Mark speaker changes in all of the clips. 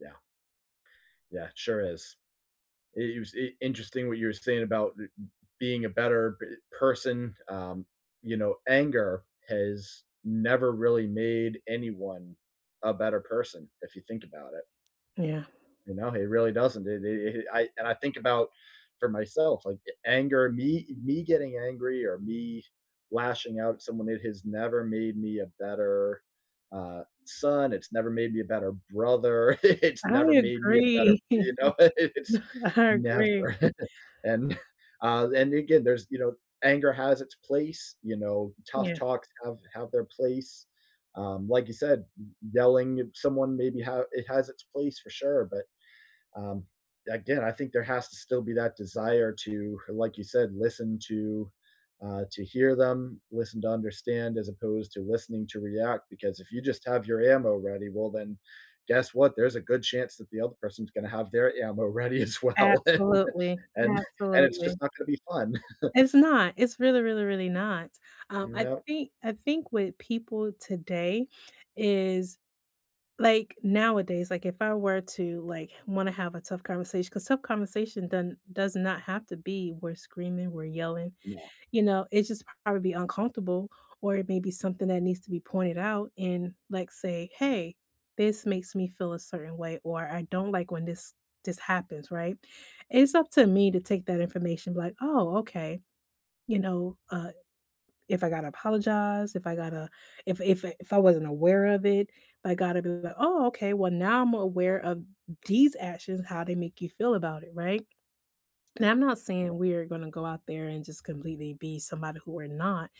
Speaker 1: Yeah. Yeah, it sure is. It it was i interesting what you were saying about, being a better, eh, person, um, you know, anger has never really made anyone a better person, if you think about it.
Speaker 2: Yeah.
Speaker 1: You know? It really doesn't, i i it I and I think about, for myself, like, a anger me eh me getting angry, or me lashing out at someone, it has never made me a better, uh, son, it's never made me a better brother, it's
Speaker 2: I
Speaker 1: never made me a better
Speaker 2: agree.
Speaker 1: you know? It's
Speaker 2: I agree.
Speaker 1: Never, and uh, and again, there's, you know anger has its place, you know, tough
Speaker 2: Yeah.
Speaker 1: talks have have their place, um, like you said, y yelling at someone, maybe, ha it has its place, for sure, but, um, again, I think there has to still be that desire to h like you said, listen to uh, to hear them, listen to understand, as opposed to, listening to react, because if you just have your ammo ready, well then, guess what? There's a good chance that the other person's gonna have their ammo ready as well, and
Speaker 2: Absolutely,
Speaker 1: and and it's
Speaker 2: absolutely.
Speaker 1: just not gonna be fun.
Speaker 2: It's not. It's really, really, really not. Um, I
Speaker 1: Nope.
Speaker 2: think I think with people today is like, nowadays, like, if I were to, like, h wanna have a tough conversatio 'cause tough conversation doesn't does not have to be, "we're screaming, we're yelling,"
Speaker 1: No.
Speaker 2: you know? It's just probably uncomfortable, or it may be something that needs to be pointed out, in, like, say, "Hey, this makes me feel a certain way," or "I don't like when this this happens," right? It's up to me to take that information, like, "Oh, okay." You know, uh, if I gotta apologize, if I gotta if if if I wasn't aware of it, I gotta be like, "Oh, okay, well now I'm aware of these actions, how they make you feel about it," right? And I'm not saying we are gonna go out there and just completely be somebody who we're not,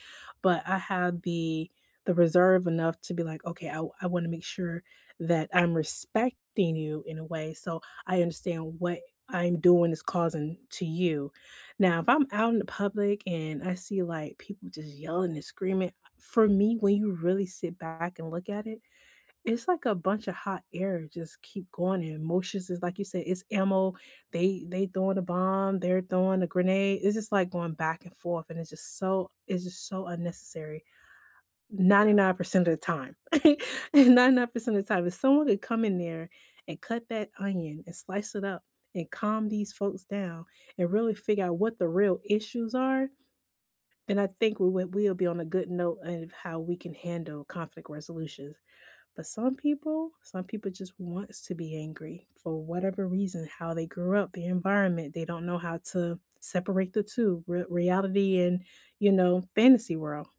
Speaker 2: but I have the the reserve enough to be like, "Okay, I w I wanna make sure that I'm respecting you, in a way, so I understand what I'm doing is causing, to you." Now, if I'm out in the public, and I see, like, people just yelling and screaming, for me, when you really sit back and look at it, it's like a bunch a hot air, just keep going, and emotions is like you say, "It's ammo," they they throwing a bomb, they're throwing a grenade, it's just, like, going back and forth, and it's just so it's just so unnecessary. ninety
Speaker 1: Yeah.
Speaker 2: nine percent of the time. 99% of time, if someone had come in there, and cut that onion, and slice it up, and calm these folks down, and really figure out what the real issues are, and I think we would we would be on a good note of how we can handle conflict resolutions. But some people? Some people just wants to be angry, for whatever reason. How they grew up, the environment, they don't know how to separate the two, r reality and, you know, fantasy world.